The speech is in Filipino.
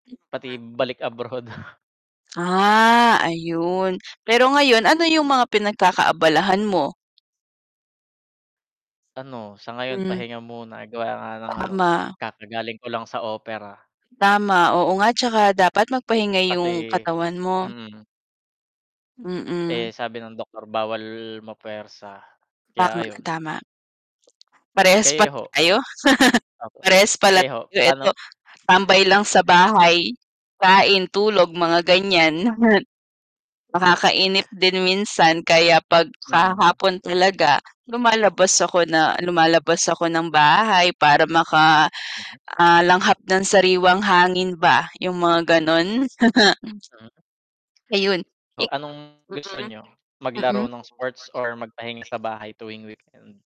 Pati [unintelligible] balik abroad. Ah, ayun, pero ngayon ano yung mga pinagkakaabalahan mo? Ano, sa ngayon Hmm. pahinga muna gawa nga ng ano, Tama. kakagaling ko lang sa opera. Tama, oo nga tsaka dapat magpahinga Kasi yung katawan mo. mm. Mm. Eh, sabi ng doktor bawal mapwersa, kaya Tama, ayun. tama. Parehas Kayo pala ho? tayo. Opo. Parehas pala Kayo ho? tayo, eto Ano tambay lang sa bahay, kain, tulog, mga gan'yan. Nakakainip din minsan kaya 'pag sa Mm. hapon talaga, lumalabas ako na lumalabas ako ng bahay para maka Mm. ah, langhap ng sariwang hangin ba, yung mga ganun. Hmm. Ayun, i Oh, anong gusto niyo mm, maglaro mm. ng sports or magpahinga sa bahay tuwing weekend?